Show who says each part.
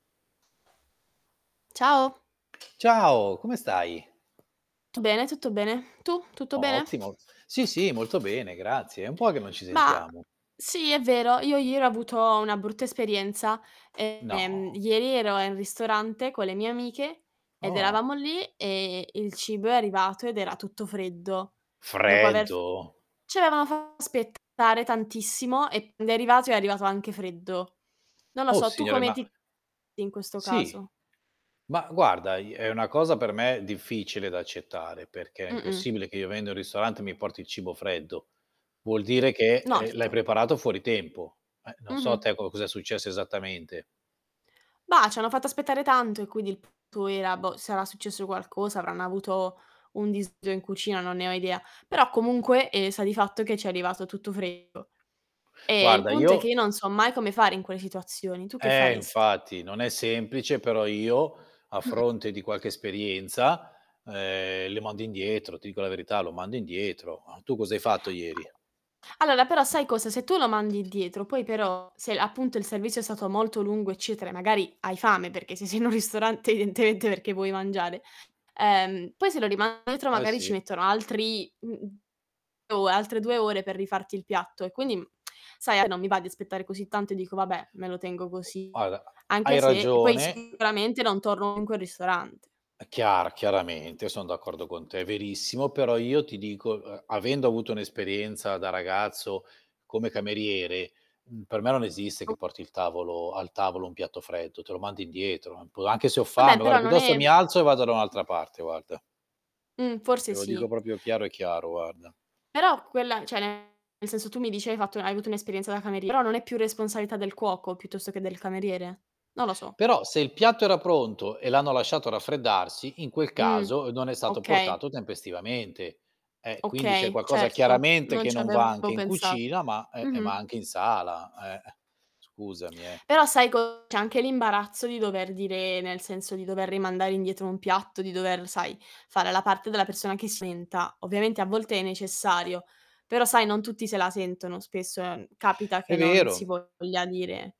Speaker 1: Ciao.
Speaker 2: Ciao, come stai?
Speaker 1: Tu bene, tutto bene. Tu? Tutto bene?
Speaker 2: Ottimo. Sì, sì, molto bene, grazie. È un po' che non ci
Speaker 1: Ma,
Speaker 2: sentiamo.
Speaker 1: sì, è vero. Io ieri ho avuto una brutta esperienza. Ehm,
Speaker 2: No.
Speaker 1: ieri ero in ristorante con le mie amiche, ed
Speaker 2: Oh.
Speaker 1: eravamo lì, e il cibo è arrivato, ed era tutto freddo. Dopo aver f
Speaker 2: Freddo?
Speaker 1: ci avevano fa aspettare tantissimo, e quando è arrivato, è arrivato anche freddo. Non lo
Speaker 2: Oh
Speaker 1: so, tu
Speaker 2: Signore,
Speaker 1: come
Speaker 2: ma
Speaker 1: ti comporti in questo
Speaker 2: Sì.
Speaker 1: caso?
Speaker 2: Ma guarda, i è una cosa per me difficile da accettare perché è
Speaker 1: Mh-mh.
Speaker 2: impossibile che io vendo in ristorante, e mi porti il cibo freddo. Vuol dire che,
Speaker 1: No,
Speaker 2: ehm, l'hai
Speaker 1: erto.
Speaker 2: preparato fuori tempo. Eh. Non so a
Speaker 1: Mh-mh.
Speaker 2: te co cosa è successo esattamente.
Speaker 1: Bah, c'hanno fatto aspettare tanto, e quindi il tutto era Boh, sarà successo qualcosa, avranno avuto un disguido in cucina, non ne ho idea. Però comunque, ehm, sta di fatto che ci è arrivato tutto freddo. E il
Speaker 2: Guarda,
Speaker 1: punto è
Speaker 2: io
Speaker 1: che io
Speaker 2: i
Speaker 1: non so mai come fare in quelle situazioni. Tu che
Speaker 2: Eh,
Speaker 1: faresti?
Speaker 2: infatti, non è semplice, però io a
Speaker 1: Mh-mh.
Speaker 2: fronte di qualche esperienza, uhm, lo mando indietro, ti dico la verità, lo mando indietro. Tu cosa hai fatto ieri?
Speaker 1: Allora però sai cosa? Se tu lo mandi indietro, poi però se appunto il servizio è stato molto lungo, eccetera, e magari hai fame perché se sei in un ristorante evidentemente perché vuoi mangiare, ehm, poi se lo riman indietro
Speaker 2: Eh,
Speaker 1: magari ci
Speaker 2: sì.
Speaker 1: mettono altri mhmm, mhmm, o altre 2 ore per rifarti il piatto e quindi, mhmm, sai, a me non mi va di aspettare così tanto e dico: "Vabbè, me lo tengo così."
Speaker 2: Guarda,
Speaker 1: Anche
Speaker 2: hai
Speaker 1: se poi
Speaker 2: ragione.
Speaker 1: sicuramente non torno in quel ristorante.
Speaker 2: Eh chiar Chiaramente, son d'accordo con te. Verissimo. Però io ti dico, uhm, avendo avuto un'esperienza da ragazzo come cameriere, mhmm, per me non esiste
Speaker 1: O
Speaker 2: che porti il tavolo al tavolo un piatto freddo, te lo mando indietro, pu anche se ho fame,
Speaker 1: Vabbè, però
Speaker 2: guarda
Speaker 1: non
Speaker 2: piuttosto mi
Speaker 1: è
Speaker 2: alzo e vado da un'altra parte, guarda.
Speaker 1: Mh.
Speaker 2: Te
Speaker 1: Forse
Speaker 2: lo dico
Speaker 1: sì.
Speaker 2: proprio chiaro e chiaro, guarda.
Speaker 1: Però quella cioè nel senso tu mi dici hai fatto hai avuto un'esperienza da camerie però non è più responsabilità del cuoco piuttosto che del cameriere? Non lo so.
Speaker 2: Però se il piatto era pronto e l'hanno lasciato raffreddarsi, in quel
Speaker 1: Mh.
Speaker 2: caso non è stato
Speaker 1: Okay.
Speaker 2: portato tempestivamente. Eh. Quindi c'è
Speaker 1: Okay,
Speaker 2: qualcosa
Speaker 1: certo,
Speaker 2: chiaramente
Speaker 1: non
Speaker 2: che
Speaker 1: ci
Speaker 2: non va anche
Speaker 1: avevo
Speaker 2: in
Speaker 1: pensat
Speaker 2: cucina, ma, uhm e ma
Speaker 1: Mh-mh.
Speaker 2: anche in sala, eh. Scusami, eh.
Speaker 1: Però sai co c'è anche l'imbarazzo di dover dire nel senso di dover rimandare indietro un piatto, di dover, sai, fare la parte della persona che si lamenta Ovviamente a volte è necessario, però sai, non tutti se la sentono. Spesso, ehm, capita che
Speaker 2: È
Speaker 1: non si
Speaker 2: vero.
Speaker 1: voglia dire